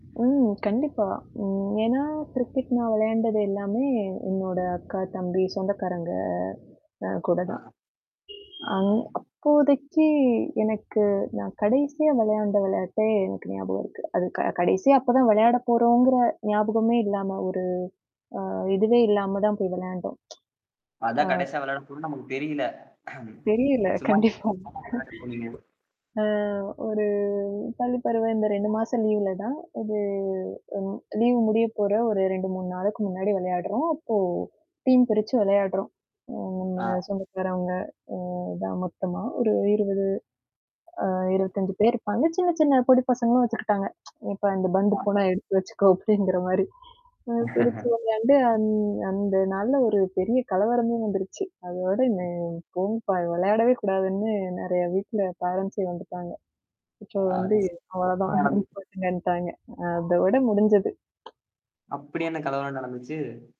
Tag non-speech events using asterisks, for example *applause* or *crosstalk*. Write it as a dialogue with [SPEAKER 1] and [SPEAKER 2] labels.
[SPEAKER 1] ம். கண்டிப்பா. ம். ஏன்னா, கிரிக்கெட் நான் விளையான்டது எல்லாமே என்னோட அக்கா, தம்பி, சொந்தக்காரங்க அ
[SPEAKER 2] ஆ.
[SPEAKER 1] கூடதான்.
[SPEAKER 2] ஆ.
[SPEAKER 1] இ அப்போதைக்கு எனக்கு நான் கடைசியா விளையாடின விளையாட்டே எனக்கு ஞாபகம் இருக்கு. அது க கடைசியா அப்பதான் விளையாடப் போறோங்கிற ஞாபகமே இல்லாம ஒரு அ இதுவே இல்லாமதான் போய் விளையாடினோம்.
[SPEAKER 2] அதான்
[SPEAKER 1] *tsk* ஆ.
[SPEAKER 2] கடைசியா விளையாட போறோனு நமக்கு தெரியல. அம்.
[SPEAKER 1] தெரியல.
[SPEAKER 2] சுமா.
[SPEAKER 1] கண்டிப்பா.
[SPEAKER 2] *unintelligible*
[SPEAKER 1] ஆ, ஒரு பள்ளிப் பருவம். இந்த 2 மாசம் லீவ்லதான். ஒரு அ லீவ் முடியப் போற ஒரு 2, 3 நாளுக்கு முன்னாடி விளையாடுறோம். அப்போ டீம் பிரிச்சு விளையாடுறோம். ம். நம்ம
[SPEAKER 2] ஆ.
[SPEAKER 1] சொந்தக்காரவங்க அ தான் மொத்தமா ஒரு 20 அ 25 பேர் இருப்பாங்க. சின்னச், சின்ன பொடி பசங்களும் வச்சுக்கிட்டாங்க. *tsk* "இப்ப அந்தப் பந்து
[SPEAKER 2] ஆ.
[SPEAKER 1] போனா எடுத்துட்டு வச்சுக்கோ," அப்படிங்கிற மாரி. *unintelligible* அந்த நாள்ல ஒரு பெரிய கலவரமே வந்துருச்சு. அதோட இந்த போதுபா விளையாடவே கூடாதுன்னு நிறைய வீட்ல பேரன்ஸ் வந்துட்டாங்க. இப்போ
[SPEAKER 2] அது ச
[SPEAKER 1] வந்துஅவ்வளோதான்
[SPEAKER 2] ஆனால் ஆது.
[SPEAKER 1] *unintelligible* அதோட முடிஞ்சது.
[SPEAKER 2] அப்டி என்ன கலவரம்னு நடந்துச்சு?